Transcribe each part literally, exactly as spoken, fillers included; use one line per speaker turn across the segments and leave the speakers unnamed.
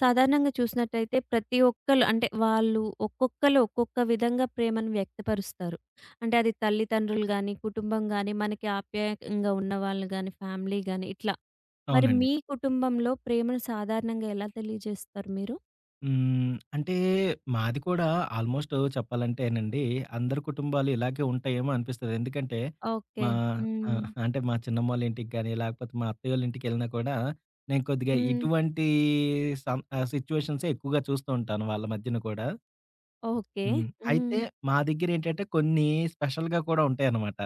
సాధారణంగా చూసినట్టయితే, ప్రతి ఒక్కళ అంటే, వాళ్ళు ఒక్కొక్కళు ఒక్కొక్క విధంగా ప్రేమను వ్యక్తపరుస్తారు. అంటే, అది తల్లిదండ్రులు గాని, కుటుంబం గాని, మనకి ఆప్యాయంగా ఉన్నవాాళ్ళు గాని, ఫ్యామిలీ గాని ఇట్లా. మరి
అవునండి.
మీ కుటుంబంలో ప్రేమను సాధారణంగా ఎలా తెలియజేస్తారు మీరు?
హ్మ్. అంటే, మాది కూడా ఆల్‌మొ‌స్టు చెప్పాలంటేనండి, అందరి కుటుంబాలు ఇలాగే ఉంటాయేమో అనిపిస్తది. ఎందుకంటే,
ఓకే.
మా
హ్మ్.
ఆహ్, అంటే, మా చిన్నమ్మోళ్ళ ఇంటికి గాని, లేకపోతే మా అత్తయ్యోళ్ళ ఇంటకెళ్ళినా కూడా నేను కొద్దిగా
హ్మ్.
ఇటువంటీ సం ఆహ్, సిట్యుయేషన్సే ఎక్కువగా చూస్తూ ఉంటాను వాళ్ళ మధ్యన గూడా.
ఓకే.
హ్మ్. అయితే
హ్మ్.
మా దగ్గరెంటంటే, కొన్ని స్పెషల్‌గా కూడా ఉంటాయన్నమాట.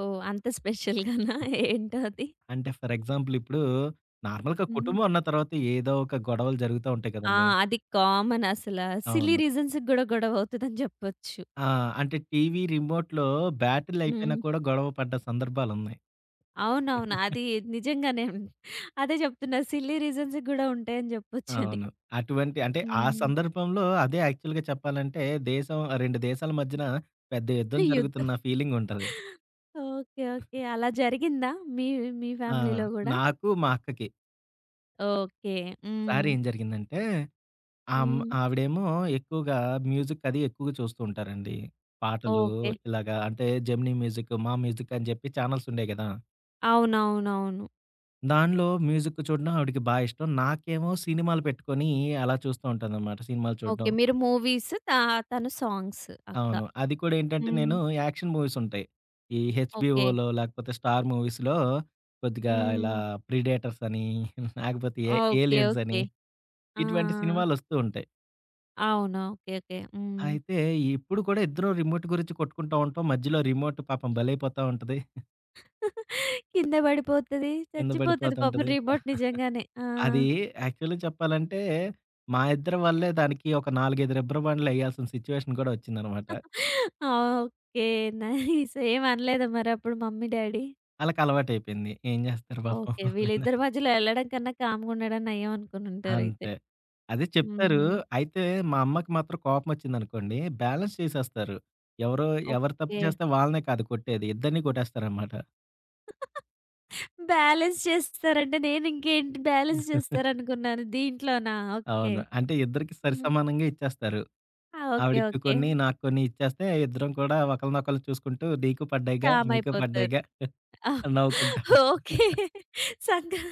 ఓహ్! అంత స్పెషల్‌గా‌నా ఏంటో అది?
అంటే, ఫర్ ఎగ్జాంపులిప్పుడు, నార్మల్‌గా
హ్మ్.
కుటుంబం ఉన్న తర్వాత ఏదో ఒక గొడవలు జరుగుతా ఉంటాయి
ఆ!
కదండీ!
అది కామన్ అసల. సిలీ
అవును.
రీజన్స్‌కి గూడా గొడవవుతదని జెప్పొచ్చు.
ఆ! అంటే, టీవీ రిమోట్‌లో బ్యాటరిలయిపోయినా
హ్మ్.
కూడా గొడవ పడ్డ సందర్భాలున్నాయి.
అవునవును. అది నిజంగానేం. అదే చెప్తున్నా సిల్లీ రీజన్స్ గూడా ఉంటాయని జెప్పొచ్చని.
అవును. అటువంటి అంటే, ఆ
హుహు.
సందర్భంలో అదే యాక్చువల్‌గా చెప్పాలంటే, దేశం ఆహ్, రెండు దేశాల మధ్యన పెద్ద యుద్ధం
యుద్ధం.
జరుగుతున్న ఫీలింగుంటది.
ఓకే. ఓకే. అలా జరిగిందా మీ మీ
ఆ!
ఫ్యామిలీలో గూడా?
నాకు, మా అక్కకి.
ఓకే.
ఒకసారి
హ్మ్.
ఏం జరిగిందంటే!
హ్మ్.
ఆమ్-ఆవిడేమో ఎక్కువగా మ్యూజిక్ అది ఎక్కువగా చూస్తూ ఉంటారండి. పాటలు
ఓకే.
ఇలాగా అంటే జెమినీ మ్యూజిక్, మా మ్యూజిక్ అని చెప్పి ఛానెల్స్ ఉండేయి కదా!
అవునవునవును.
దానిలో మ్యూజిక్ చూడడం ఆవిడికి బా ఇష్టం. నాకేమో సినిమాలు పెట్టుకొని అలా చూస్తూ ఉంటాననమాట సినిమాలు
ఓకే.
చూడడం.
మీరు మూవీస్ త "తను సాంగ్స్ అక్క".
అవును. అది కూడా ఏంటంటే,
హ్మ్.
నేను యాక్షన్ మూవీస్ ఉంటాయి. ఈ
ఓకే.
హెచ్‌‌బీఓలో లాకపోతే స్టార్ మూవీస్‌లో కొద్దిగా ఇలా
హ్మ్.
'ప్రిడేటర్స్' అని. లాకపోతే ఏ
ఓకే.
'ఏలియన్స్' అని.
ఓకే.
ఇటువంటి
ఆ!
సినిమాలొస్తూ ఉంటాయి.
అవును. ఓకే. ఓకే. హ్మ్.
అయితే ఇప్పుడు కూడా ఇద్దరం రిమోట్ గురించి కొట్టుకుంటా ఉంటాం. మధ్యలో రిమోట్ పాపం బలేైపోతా ఉంటది.
కింద పడిపోతది.
కింద
చచ్చిపోతది పాపం
పడిపోతుంటది.
రిమోట్ నిజంగానే. ఆ!
అది యాక్చువల్‌గా చెప్పాలంటే, మా ఇద్దరి వల్లే దానికి ఒక నలుగైదు రిబ్బర్‌బ్యాండ్లు ఎయ్యాల్సిన సిట్యుయేషన్ కూడా వచ్చిందనమాట.
ఆ! ఓకే నైస్ ఏం అనలేదా మరి అప్పుడు మమ్మీ, డ్యాడీ?
ఆళ్ళకలవాటైపోయింది. ఏం జేస్తారు పాపం
ఓకే.
వాళ్ళైనా.
వీళ్ళిద్దరి మధ్యలో ఎళ్ళడం కన్నా కామ్‌గుండడం నయం అనుకుని ఉంటారైతే.
అంతే. అదే చెప్తారు.
హుహు.
అయితే "మా అమ్మకి మాత్రం కోపమొచ్చిందనుకోండి బ్యాలెన్స్ చేసేస్తారు." ఎవరో ఎవరు తప్పు
ఓకే.
జేస్తే వాళ్ళనే కాదు కొట్టేది. ఇద్దరిని కొట్టేస్తారనమాట.
బ్యాలన్స్ చేస్తారంటే, నేను ఇంకేంటి బ్యాలెన్స్ చేస్తారనుకున్నాను దీంట్లోనా? ఓకే.
అవును. అంటే, ఇద్దరికి సరి
హ్మ్.
సమానంగ ఇచ్చేస్తారు.
ఆ! ఓకే.
ఆవిడికి
ఓకే.
కొన్ని, నాకు కొన్ని ఇచ్చేస్తే, ఇద్దరం కూడా ఒకళనొకళ్ళు చూసుకుంటూ, నీకు పడ్డయగా, నీకు
కామైపోతారు.
పడ్డయగా
ఆ!
అని నవ్వుకుంటాం.
ఓకే. సంగా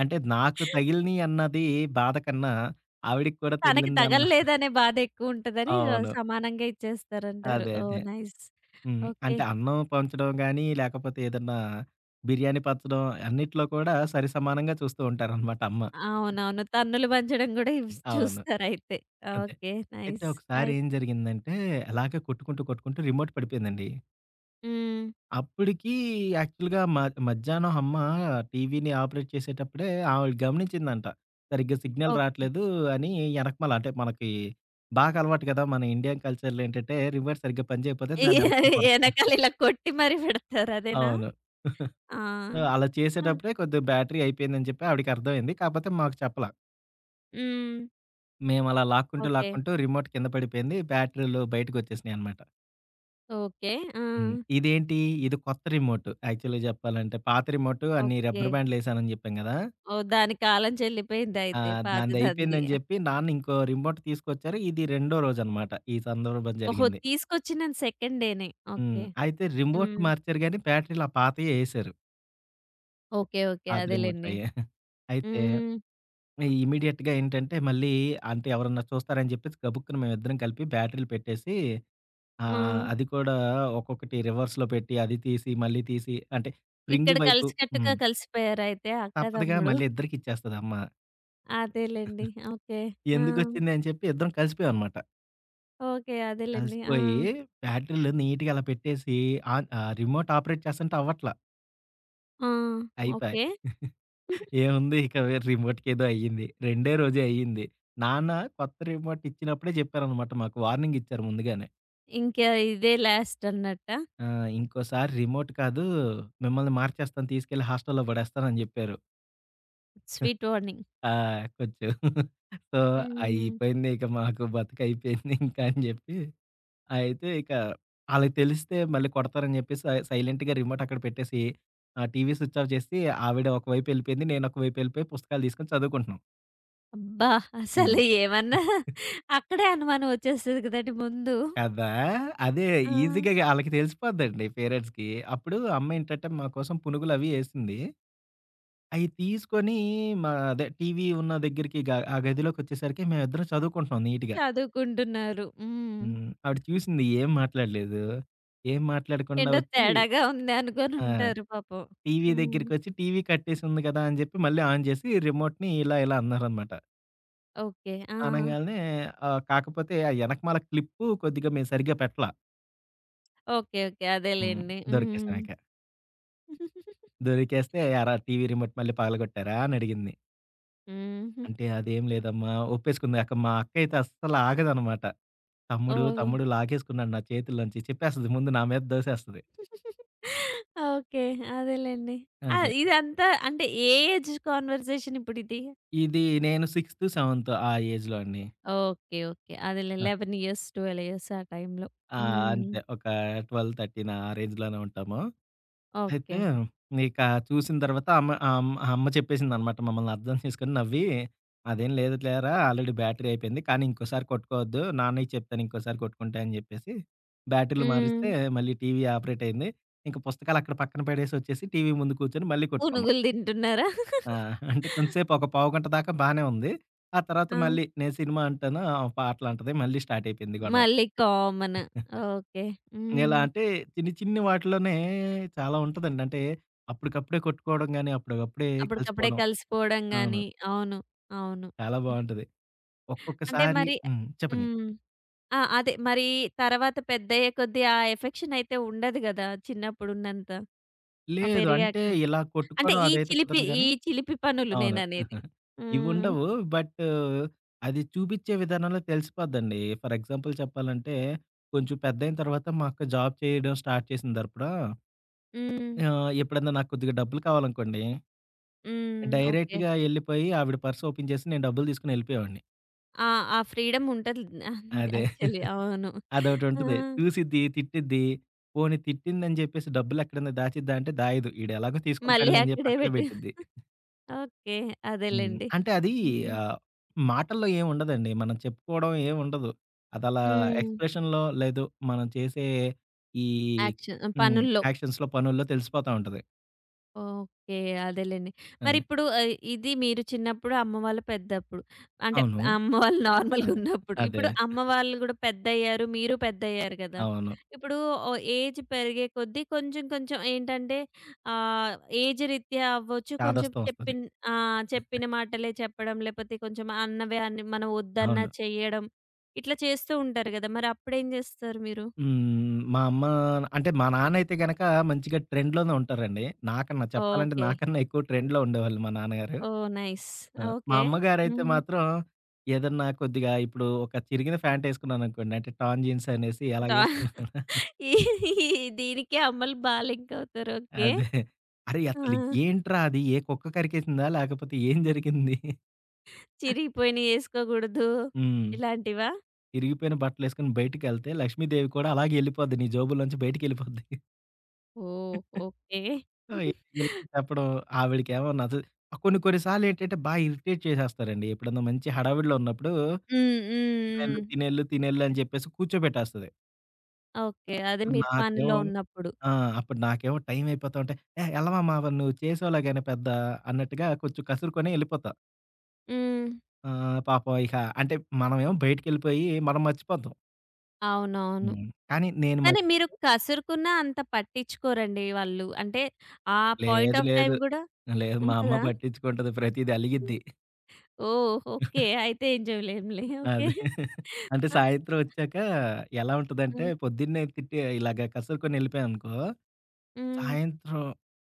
అంటే, నాకు తగిలినియి అన్నదీ బాధ కన్నా, ఆవిడకి కూడా
తనకి
తగిలిందన్న
తగలలేదనే బాధేక్కువుంటదని, ఆ!
అవును.
సమానంగా ఇచ్చేస్తారంటారు.
అదే
ఓహ్!
అదే.
నైస్.
హ్మ్.
ఓకే.
అంటే, అన్నం పంచడం గానీ, లేకపోతే ఏదన్నా, బిర్యానీ పచ్చడం, అన్నిట్లో కూడా సరి సమానంగా చూస్తూంటారనమాట అమ్మ.
అవునవును. తన్నులు పంచడం కూడా ఇ
అవును.
చూస్తారయితే.
అంతే.
ఓకే.
అయితే
నైస్.
ఒకసారి
అయి
ఏం జరిగిందంటే? అలాగే కొట్టుకుంటూ, కొట్టుకుంటూ రిమోట్ పడిపోయిందండి.
హ్మ్.
అప్పటికి యాక్చువల్‌గా మాక్ మధ్యాహ్నం హమ్మా, టీవీని ఆపరేట్ చేసేటప్పుడే, ఆమె గమనించిందంట. సరిగ్గా సిగ్నల్
ఓకే.
రాట్లేదు అని ఎనకమాల అంటే, మనకి, బాగా అలవాటు కదా! మన ఇండియన్ కల్చర్‌లో ఏంటంటే, రివర్ సరిగ్గా పని చేయిపోతే
ఈ
దాన్ని వెనకాల కొడతా
ఎనకాల ఇలా కొట్టి మరి పెడతారు అదేనా?
అవును.
ఆ!
సో, అలా
ఆ!
చేసేటప్పుడే కొద్దిగా బ్యాటరీ అయిపోయిందని చెప్పి, ఆవిడకి అర్థమైంది. కాపోతే మాకు చెప్పలా.
హ్మ్.
మేమలా లాక్కుంటూ,
ఓకే.
లాక్కుంటూ రిమోట్ కింద పడిపోయింది బ్యాటరీలు బయటికోచ్చేసినాయనమాట.
ఓకే.
హ్మ్.
ఆ!
ఇదేంటి? ఇది కొత్త రిమోట్ యాక్చువల్‌గా జెప్పాలంటే, పాత రిమోట్ అన్నీ రబ్బరు
ఓకే.
బ్యాండులు ఎసానని జెప్పాం గదా!
ఓహ్! దాని కాలం
ఆ!
చెల్లిపోయిందైయితే పాతదాంది.
దాందైపోందని జెప్పి, నాన్న ఇంకో రిమోట్ తీసుకొచ్చారు. ఇది రెండో రోజనమాట. ఈ సందర్భం
ఓహో!
జరిగింది.
తీసుకొచ్చిన సెకండ్ డేనే.
హ్మ్.
ఓకే.
అయితే రిమోట్
హ్మ్.
మార్చారు గానీ, బ్యాటరీలు ఆ పాతయే ఏసారు.
ఓకే. ఓకే.
పాత
అదేలెండి.
రిమోట్లయే. అయితే
హ్మ్.
ఆహ్, ఇమ్మీడియేట్‌గా ఏంటంటే, మళ్ళీ అంటే ఎవరన్నా చూస్తారని జెప్పేసి గబుక్కున మేమిద్దరం కలిపి బ్యాటరీలు పెట్టేసి, ఆహ్,
వా!
అది కూడా ఒక్కొక్కటి రివర్స్‌లో పెట్టి, అది తీసి, మళ్ళీ తీసి, అంటే
ఇక్కడ
స్ప్రింగు వైపు
కలిసికట్టుగా
హ్మ్.
కలిసిపోయారా అయితే అక్క,
తప్పదుగా
తమ్ముడు?
మళ్ళీ ఇద్దరికిచ్చేస్తది అమ్మ.
అదేలెండి. ఓకే. ఆ!
ఎందుకొచ్చిందని చెప్పి ఇద్దరం కలిసిపోయామనమాట.
ఓకే. అదేలెండి.
కలిసిపోయి
ఆ!
బ్యాటరీలో నీట్‌గా అలా పెట్టేసి, ఆన్ ఆహ్, రిమోట్ ఆపరేట్ చేస్తంటే అవ్వట్ల.
ఆ!
అయిపాయి.
ఓకే.
ఏముంది ఇక వె రిమోట్కేదో అయింది. రెండే రోజే అయింది. నాన్న కొత్త రిమోట్ ఇచ్చినప్పుడే జెప్పారనమాట మాకు వార్నింగ్ ఇచ్చారు ముందుగానే.
ఇంకా ఇదే లాస్ట్ అన్నట్టా?
ఆ! ఇంకోసారి రిమోట్ కాదు. మిమ్మల్ని మార్చేస్తాను, తీసుకెళ్లి హాస్టల్‌లో పడేస్తానని చెప్పారు.
Sweet warning.
ఆ! కొంచెం. సో,
హ్మ్.
అయిపోయిందిక మాకు బతకైపోయిందింకా అని చెప్పి, అయితే ఇక ఆళ్ళకి తెలిస్తే, మళ్ళీ కొడతారని చెప్పేసి స సైలెంటుగా రిమోటక్కడ పెట్టేసి, ఆహ్, టీవీ స్విచ్ ఆఫ్ చేసి ఆవిడ ఒకవైపెళ్ళిపోయింది, నేను ఒక వైపెళ్ళిపోయి పుస్తకాలు తీసుకొని చదువుకుంటున్నాం.
అబ్బా!
హ్మ్.
అసలు ఏమన్నా అక్కడే అనుమానం వచ్చేస్తది కదండీ ముందు!
కదా! అదే
ఆ!
ఈజీగ గా ఆళ్ళకి తెలిసిపోద్దండి పేరెంట్స్‌కి. అప్పుడు అమ్మేంటంటే, మా కోసం పునుగులవి ఏసింది. అయి తీసుకొని మా అదే టీవీ ఉన్నదెగ్గరికి గ ఆ గదిలోకొచ్చేసరికి మేమిద్దరం చదువుకుంటున్నాం నీట్‌గా.
చదువుకుంటున్నారు. హ్మ్.
హ్మ్. ఆవిడ చూసింది ఏం మాట్లాడలేదు, ఏం మాట్లాడకుండా
ఏంటో
వచ్చి
తేడాగా ఉంది
ఆ!
అనుకోనుంటారు పాపం.
టీవీ
హ్మ్.
దగ్గరకొచ్చి, టీవీ కట్టేసుంది కదా! అని చెప్పి, మళ్ళీ ఆన్ చేసి, రిమోట్‌ని ఇలా ఇలా అన్నారనమాట.
ఓకే. ఆ!
అనంగానే ఆహ్, కాకపోతే ఆ ఎనకమాల క్లిప్పు కొద్దిగా మేము సరిగ్గా పెట్టలా.
ఓకే. ఓకే.
హ్మ్.
అదేలెండి. హ్మ్.
దొరికేసామిక. దొరికేస్తే "ఏరా? టీవీ రిమోట్ మళ్ళీ పగలగొట్టారా?" అని అడిగింది?
హ్మ్.
"అంటే అదేం లేదమ్మా!" ఒప్పేసుకుంది అక్క మా అక్క అయితే అస్సలు ఆగదనమాట. "తమ్ముడు
ఓహ్!
తమ్ముడు లాగేసుకున్నాడు నా చేతుల్లోంచి" చెప్పేస్తది ముందు నా మీద దోసేస్తది.
ఓకే. అదేలెండి. ఆహ్,
అదే.
ఇదంతా అంటే ఏ ఏజ్ కాన్వర్సేషన్ ఇప్పుడిది?
ఇది నేను సిక్స్త్, సెవెన్త్ ఆ ఏజ్‌లో అండి.
ఓకే. ఓకే. అదేలే లెవెన్ ఇయర్స్, ట్వెల్వ్ ఇయర్స్ ఆ టైంలో.
ఆ!
హ్మ్.
అంతే ఒక ట్వెల్వ్ థర్టీన్ ఆ రేంజ్‌లోనే ఉంటాము. అయితే
ఓకే.
ఇక చూసిన తర్వాత అమ్మ ఆమ్ ఆహ్, అమ్మ చెప్పేసిందనమాట. మమ్మల్ని అర్థం చేసుకొని నవ్వి. "అదేం లేదు లేరా ఆల్రెడీ బ్యాటరీ అయిపోయింది. కానీ ఇంకోసారి కొట్టుకోవద్దు. నాన్నకి చెప్తాను ఇంకోసారి కొట్టుకుంటే" అని చెప్పేసి, బ్యాటరీలు మారిస్తే,
హ్మ్.
మళ్ళీ టీవీ ఆపరేట్ అయింది. ఇంక పుస్తకాలు అక్కడ పక్కన పెడేసి వచ్చేసి, టీవీ ముందు కూర్చొని మళ్ళీ కొట్టుకున్నాం.
పనుగులు తింటున్నారా?
ఆ! అంటే కొంతసేపు ఒక పావు గంట దాకా బానే ఉంది. ఆ తర్వాత
ఆ!
మళ్ళీ నేను సినిమా అంటాను, ఆవే పాటలు అంటది. మళ్ళీ స్టార్ట్ అయిపోయింది గొడవ.
మళ్ళీ కామన్. ఓకే.
ఎలా
హ్మ్.
అంటే, చిన్ని చిన్ని వాటిలోనే చాలా ఉంటదండి. అంటే అప్పటికప్పుడే కొట్టుకోవడం గాని, అప్పటికప్పుడే
అప్పటికప్పుడే
కలిసిపోవడం.
కలిసిపోవడం
అవును.
గాని అవును. అవును.
చాలా
హ్మ్.
బావుంటది.
అంటే
ఒక్కొక్కసారి
మరి ఎ
హ్మ్ చెప్పండి.
హ్మ్. ఆ! అదే మరీ తర్వాత పెద్దయ్యే కొద్దీ, ఆ ఎఫెక్షన్ అయితే ఉండదు కదా! చిన్నప్పుడు ఉన్నంత. ఆ!
లేదు. అంటే
పెరిగాక.
ఇలా
అంటే
కొట్టుకోవడం
ఈ
అదైతే
చిలిపి
కుదరదు
ఈ
గానీ
చిలిపి పనులు
అవును.
నేననేది. హ్మ్.
ఇవిండవు. బట్ అది చూపించే విధానంలో తెలిసిపోద్దండి. ఫర్ ఎగ్జాంపుల్ చెప్పాలంటే, కొంచెం పెద్దయిన తర్వాత మా అక్క జాబ్ చేయడం స్టార్ట్ చేసిన తరువాత"
హ్మ్.
ఆహ్, ఎప్పుడైనా నాకు కొద్దిగా డబ్బులు కావాలనుకోండి,
హ్మ్. ఓకే.
డైరెక్ట్‌గా ఎళ్ళిపోయి ఆవిడ పర్స్ ఓపెన్ చేసి, నేను డబ్బులు తీసుకొని ఎళ్ళిపోయేవాడిని.
ఆ! ఆ ఫ్రీడమ్ ఉంటది అన్
అదే.
యాక్చువలీ. అవును. ఆ!
అదోటుంటది. చూసిద్ది, తిట్టిేద్ది, పోనీ తిట్టిందని జెప్పేసి డబ్బులెక్కడైనా దాచిద్దా అంటే దాయదు. "ఈడు ఎలాగో
మళ్ళీ
తీసుకుంటాడలే" అని జెప్పి
అక్కడే
అక్కడే
పెట్టు.
పెట్టిద్ది.
ఓకే.
హ్మ్.
అదేలెండి.
అంటే అది
హ్మ్.
ఆహ్, మాటల్లో ఏముండదండి, మనం చెప్పుకోవడం ఏముండదు. అదలా
హ్మ్.
ఎక్స్‌ప్రెషన్‌లో లేదు. మనం చేసే ఈ
యాక్షన్
హ్మ్.
పనుల్లో.
యాక్షన్స్‌లో, పనుల్లో తెలిసిపోతా ఉంటది.
ఓకే. అదేలెండి.
అదే.
మరిప్పుడు ఆహ్, ఇది మీరు చిన్నప్పుడు అమ్మ వళ్ళు పెద్దప్పుడు అంటే,
అవును.
అమ్మ వాళ్ళు నార్మల్‌గా
అదే.
ఉన్నప్పుడు.
అదే.
ఇప్పుడు అమ్మ వాళ్ళు కూడా పెద్దయ్యారు, మీరు పెద్దయ్యారు గదా!
అవును.
ఇప్పుడు ఓ ఏజ్ పెరిగే కొద్దీ కొంచెం, కొంచెం ఏంటంటే ఆహ్, ఏజ్ రీత్యా అవ్వచ్చు కొంచెం
చాదస్తం ఒస్తది.
చెప్పిన్ ఆహ్, చెప్పిన మాటలే చెప్పడం లేపోతే కొంచెం అన్నవే అని, మనం ఒద్దన్నా
అవును.
చెయడం. ఇట్లా చేస్తూ ఉంటారు గదా! మరి అప్పుడు ఏం జేస్తారు మీరు?
హ్మ్. హ్మ్. హ్మ్. మా అమ్మా అంటే మా నాన్న అయితే గనుక మంచిగా ట్రెండ్‌లో‌నే ఉంటారండి. నాకన్నా చెప్పాలంటే
ఓకే.
నాకన్నా ఎక్కువ ట్రెండ్‌లో‌ ఉండేవాళ్ళు మా నాన్నగారు.
ఓహ్! నైస్.
ఆ! మా
ఓకే.
అమ్మగారైతే
హ్మ్.
మాత్రం ఏదన్నా కొద్దిగా ఇప్పుడు ఒక చిరిగిన ఫ్యాంటేసుకున్నాననుకోండి. అంటే టర్న్ జీన్స్ అనేసి ఎలా
డా
ఏసుకున్నా
ఈ ఈ దీనికె అమ్మలు బా లింక్ అవుతారు ఓకే.
అదే. అరె! అసలు
ఆ!
ఏంట్రా అది? ఏ కుక్క కరికేసిందా? లేకపోతే ఏం జరిగింది?
చిరిగిపోయినయి ఎసుకోకూడదు.
హ్మ్.
ఇలాంటివా?
ఇరిగిపోయిన బట్టలెసుకొని బయటికెళ్తే లక్ష్మీదేవి కూడా అలాగే ఎళ్ళిపోద్ది నీ జోబులోంచి బయటికిళ్ళిపోద్ది.
ఓహ్! ఓకెే.
సో, ఇలాంటప్పుడు, ఆవిడకేమో నచ్ఛ కొన్ని, కొన్ని సార్లేంటంటే, బా ఇరిటేట్ చేసేస్తారండి. ఎప్పుడన్నా మంచి హడావిడిలో ఉన్నప్పుడు,
హ్మ్. హ్మ్.
తినెల్లు,
హ్మ్.
తినెల్లు, తినెల్లు అని చెప్పేసి కూర్చోబెట్టేస్తది.
ఓకే. అది మీ పనిలో
నాకేమో
ఉన్నప్పుడు.
ఆ! అప్పుడు నాకేమో టైమయిపోతా ఉంటే, ఏ ఎళ్లవమ్మా, మరి నువ్వు చేసేలేగాని పెద్ద అన్నట్టుగా, కొంచెం కసురుకొని, ఎళ్ళిపోతా.
హ్మ్.
ఆహ్, పాపం ఇహ అంటే, మనమేమో బయటికెళ్ళిపోయి, మనం మర్చిపోతాం.
అవునవును.
హ్మ్. కానీ, నేను.
కాని, మీరు
[unintelligible]
కసురుకున్న అంత పట్టించుకోరండి, వాళ్ళు అంటే, ఆ పాయింట్
లేదు
ఆఫ్ టైమ్
లేదు.
గూడా
లేదు, మా అమ్మ
ఉంటదా?
పట్టించుకుంటది ప్రతీది అలిగిద్ది.
ఓహో! ఓకే. అయితే, ఏం జేవలేంలే. ఓకే.
అదే. అంటే,
ఆ!
సాయంత్రం ఒచ్చాక, ఎలా ఉంటందంటే,
హ్మ్.
పొద్దున్నే తిట్టి ఇలాగ కసురుకొని ఎళ్ళిపోయానుకో,
హ్మ్.
సాయంత్రం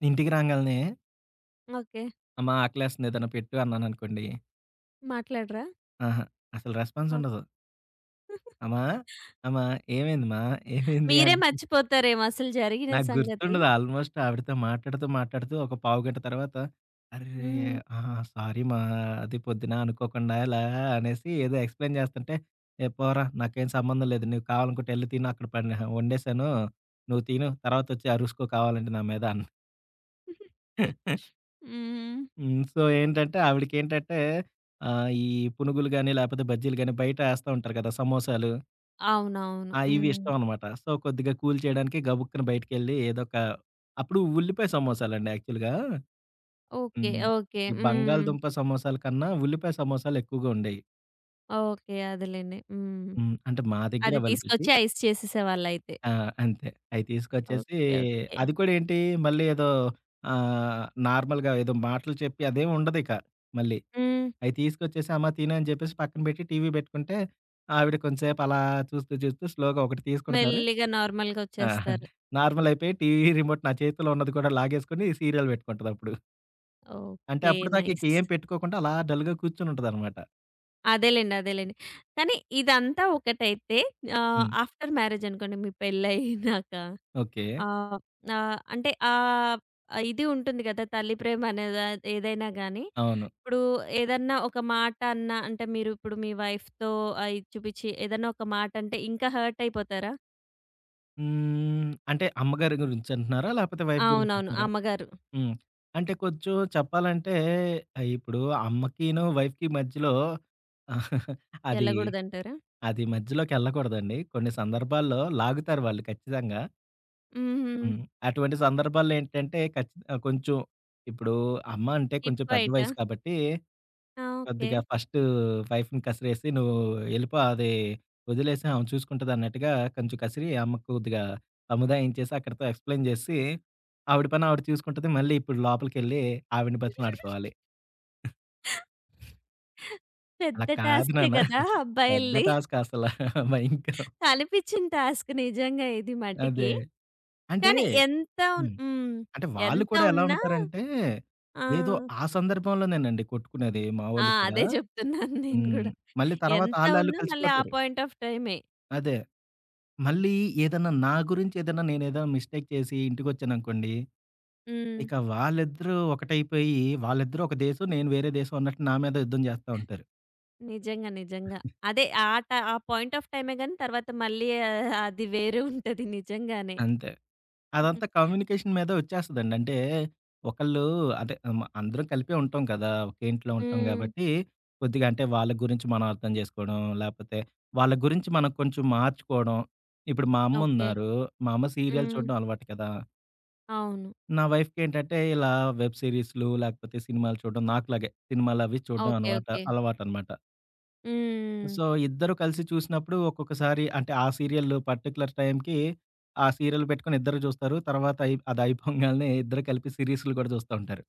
ఇంటికి రాంగాలనే...
ఓకే.
అమ్మా ఆకలేస్తుంది, ఏదైన పెట్టు అన్నాననుకోండి
మాట్లాడరా?
ఆహా! అసలు
ఆ!
రెస్పాన్సుండదు. అమా! అమా! ఏమైంది మా? ఏమైంది,
మీరే
అంట?
మర్చిపోతారేమో! అసలు జరిగిన
నాకు
సంగతి?
గుర్తుండదు, ఆల్మోస్ట్ ఆవిడతో మాట్లాడుతూ, మాట్లాడుతూ ఒక పావు గంట తర్వాత. అరే!
హ్మ్.
ఆ! సారీ మా. అది పొద్దునా అనుకోకుండాలా అనేసి, ఏదో ఎక్స్‌ప్లైన్ చేస్తుంటే, "ఏ పోరా నాకేం సంబంధం లేదు. నువ్వు కావాలనుకుంటే, ఎళ్లి తిను అక్కడ పడి వండేశాను. నువ్వు తిను తర్వాతొచ్చి అరుసుకో కావాలంటే, నా మీద" అను
హ్మ్.
హ్మ్. సో, ఏంటంటే ఆవిడకేంటంటే ఆహ్, ఈ పునుగులు గాని, లాపోతే బజ్జీలు గాని బయట ఏస్తా ఉంటారు కదా! సమోసాలు.
అవునవును.
ఆ! ఇవి
హ్మ్.
ఇష్టమనమాట. సో, కొద్దిగా కూల్ చేయడానికి, గబుక్కని బయటికెళ్ళి ఏదోక అప్పుడు ఉల్లిపాయ సమోసాలండి యాక్చువల్‌గా.
ఓకే.
హ్మ్.
ఓకే.
ఈ
హ్మ్.
బంగాళదుంప సమోసల కన్నా ఉల్లిపాయ సమోసలెక్కువగా ఉండేయి.
ఓకే. అదలెండి. హ్మ్.
హ్మ్. అంటే మా దెగ్గర
అది
అవైలబిలిటీ
తీసుకొచ్చి ఐస్ చేసేసేవాళ్ళైతే.
ఆ! అంతే. అయి తీసుకొచ్చేసి
ఓకే. ఓకే.
అది కూడా ఏంటి, మళ్ళీ ఏదో ఆహ్, నార్మల్‌గా ఏదో మాటలు చెప్పి అదేమి ఉండది ఇక మళ్ళీ.
హ్మ్.
అయి తీసుకొచ్చేసి, అమ్మా తిను అని చెప్పేసి పక్కన పెట్టి టీవీ బెట్టుకుంటే. ఆవిడ కొంసేపు అలా చూస్తూ, చూస్తూ స్లోగా ఒకటి తీసుకుంటారు,
మెల్లిగా నార్మల్‌గా ఒచ్చేస్తారు.
నార్మలయిపోయి టీవీ రిమోట్ నా చేతిలో ఉన్నది కూడా లాగేసుకొని, సీరియల్ బెట్టుకుంటదిప్పుడు. అంటే
ఓకే.
అప్పటిదాకా ఇక
నైస్.
ఏం పెట్టుకోకుండా, అలా డల్‌గా కూర్చొనుంటదనమాట.
అదేలెండి. అదేలెండి. కానీ, ఇదంతా ఒకటైతే ఆహ్,
హ్మ్.
ఆఫ్టర్ మ్యారేజనుకోండి మీ పెళ్లయినాక.
ఓకే.
ఆహ్, ఆహ్, అంటే ఆహ్, ఇది ఉంటుంది కదా తల్లి ప్రేమ అనే దా ఏదైనా గానీ,
అవును.
ఇప్పుడు ఏదన్నా ఒక మాట అన్నా అంటే, మీరు ఇప్పుడు మీ వైఫ్‌తో ఆ ఇచ్చు, పుచ్చి ఏదైనా ఒక మాట అంటే ఇంకా హర్టయిపోతారా?
హ్మ్. అంటే అమ్మగారి గురించి అంటున్నారా? లాపోతే వైఫ్ గురించి
అవునవును.
అంటున్నారా?
అమ్మగారు.
హ్మ్. అంటే కొంచెం చెప్పాలంటే, ఆహ్, ఇప్పుడూ అమ్మకీనూ, వైఫ్‌కి మధ్యలో అదీ,
ఎళ్ళగూడదంటారా?
అది మధ్యలోకెళ్ళకూడదండి, కొన్ని సందర్భాల్లో లాగుతారు వాళ్ళు ఖచ్చితంగా.
హుహు.
హ్మ్. అటువంటి సందర్భాల్లో ఏంటంటే, ఖచ్చిత ఆ కొంచెం ఇప్పుడూ అమ్మ అంటే కొంచెం పెద్ద
టిప్పైటా?
వయసు కాబట్టీ,
ఆ! ఓకే.
కొద్దిగా ఫస్టు వైఫ్‌ని కసిరేసి "నువ్వు ఎళ్ళిపో, అది ఒదిలేసేయి అమె చూసుకుంటది" అన్నట్టుగా కొంచెం కసిరి అమ్మకు కొద్దిగా సముదాయించేేసి, అక్కడితో ఎక్స్‌ప్లైయిన్ జేసి, ఆవిడ పని ఆవిడ చూసుకుంటది మళ్ళీ ఇప్పుడు లోపలికెళ్ళి ఆవిడ్ని బతిమిలాడుకోవాలి. "అలా
పెద్ద
కాదు
టాస్కే
నాన్నా"
గదా!
పెద్ద
అబ్బాయిల్ది?
టాస్క్ అసల. భయంకరం.
కలిపిచ్చిన టాస్క్ నిజంగా ఇది
అదే.
మటికి.
అంటే
కానీ, ఎంత ఉన్
హ్మ్.
హ్మ్.
అంటే వాళ్ళు
ఎంత
కూడా ఎలా
ఉన్నా
ఉంటారంటే,
ఆ!
ఏదో ఆ సందర్భంలో నేనండి కొట్టుకునేది మా
ఆ!
వోళ్ళు కూడా.
అదే జెప్తున్నాను నేను
హ్మ్.
గూడా.
మళ్ళీ తర్వాత
ఎంత
ఆళ్ళాళ్ళు
ఉన్నా, మళ్ళీ ఆ
కలిసిపోతారు.
పాయింట్ ఆఫ్ టైమే.
అదే. మళ్ళీ ఏదన్నా నా గురించేదన్నా, నేనేదన్నా మిస్టేక్ చేసి, ఇంటికొచ్చానునుకోండి,
హ్మ్.
ఇక వాళ్ళిద్దరూ ఒకటైపోయి, వాళ్ళిద్దరూ ఒక దేశం, నేను వేరే దేశం అన్నట్టు నా మీదె యుద్ధం జేస్తా ఉంటారు.
నిజంగా. నిజంగా. అదే ఆ ట ఆ పాయింట్ ఆఫ్ టైమే గానీ, తర్వాత మళ్ళీ ఆహ్, అది వేరే ఉంటది నిజంగానే.
అంతే. అదంతా కమ్యూనికేషన్ మీదే ఒచ్చేస్తదండి. అంటే, ఒకళ్ళూ అంటే అమ అందరం కలిపే ఉంటాం కదా! ఒకే ఇంట్లో ఉంటాం
హ్మ్.
గాబట్టి, కొద్దిగా అంటే వాళ్ళ గురించి మనం అర్థం జేసుకోడం, లాపోతే వాళ్ళ గురించి మనం కొంచెం మార్చుకోవడం ఇప్పుడు మా అమ్మ
ఓకే.
ఉన్నారు, మా అమ్మ సీరియల్
హ్మ్.
చూడ్డం అలవాటు కదా!
అవును.
నా వైఫ్‌కేంటంటే, ఇలా వెబ్ సీరీస్లు, లాకపోతే సినిమాలు చూడ్డం నాకులాగే సినిమాలవి చూడ్డం
ఓకే.
అనవాట
ఓకే.
అలవాటనమాట.
హ్మ్.
సో, ఇద్దరూ కలిసి చూసినప్పుడు ఒక్కొక్కసారి అంటే, ఆ సీరియల్ పర్టిక్యులర్ టైంకి ఆ సీరియల్ పెట్టుకొని ఇద్దరూ జూస్తారు. తర్వాతయి అదయిపోంగాల్నే ఇద్దరూ కలిపి సీరీస్లు గూడా చూస్తా ఉంటారు.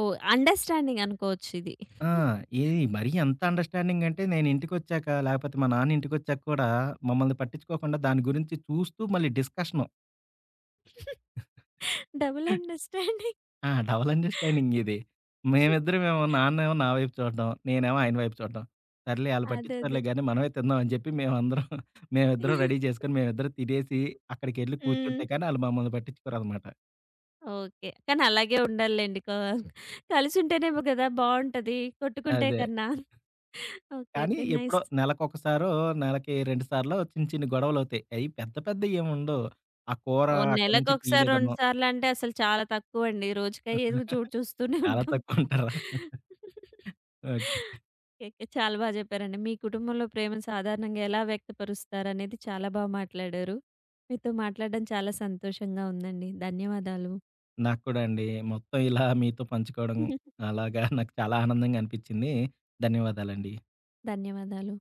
ఓహ్! అండర్‌స్టాండింగనుకోవచ్చు ఇది.
ఆ! ఏది మరీ ఎంత అండర్‌స్టాండింగ్. అంటే, నేను ఇంటికొచ్చాక, లాపోతే మా నాన్న ఇంటికొచ్చాక కూడా మమ్మల్ని పట్టిచ్చుకోకుండా దాని గురించి చూస్తూ మళ్ళీ డిస్కషను.
Double understanding.
ఆ! డబల్ అండర్‌స్టాండింగిది. మేమిద్దరమేమో నాన్నేమో నా వైపు చూడ్డం, నేనేమో ఆయన వైపు చూడ్డం, సర్లే ఆళ్ళు
అదదే.
పట్టిచ్చుకోర్లే గానీ మనమే తిందాం అని జెప్పి మేమందరం మేమిద్దరం
అయ్యో!
రెడీ జేసుకొని, మేమిద్దరం తినేసి అక్కడికెళ్ళి కూర్చుంటే
హ్మ్.
కానీ ఆళ్ళు మమ్మల్ని పట్టిచ్చుకోరనమాట.
ఓకే. కానీ, అలాగే ఉండాలిలెండి. క కలిసుంటేనేమో గదా బావుంటది. కొట్టుకుంటే
అదే.
కన్నా. ఓకే.
కానీ
ఓకే.
ఎప్పుడో
నైస్.
నెలకొకసారో, నెలకి రెండు సార్లో, చిన్ని, చిన్ని గొడవలువుతాయి. అయ్యి పెద్ద పెద్ద ఏముండవు. ఆ కూర
ఓహ్!
అక్కడి నుంచి
నెలకొకసారి, రెండు
తీయలేదనో
సార్లంటే అసలు చాలా తక్కువండి. రోజుకయ్యేవి కూడా చూడ్ చూస్తూనే
చాలా
ఉంటాం.
తక్కువంటరా! ఓకే.
ఓకెకె. చాలా బా జెప్పారండి. మీ కుటుంబంలో ప్రేమను సాధారణంగా ఎలా వ్యక్తపరుస్తారనేది చాలా బా మాట్లాడారు. మీతో మాట్లాడడం చాలా సంతోషంగా ఉందండి. ధన్యవాదాలు.
నాకు కూడా అండి. మొత్తం ఇలా మీతో పంచుకోవడం అలాగా నాకు చాలా ఆనందంగా అనిపిచ్చింది. ధన్యవాదాలండి.
ధన్యవాదాలు.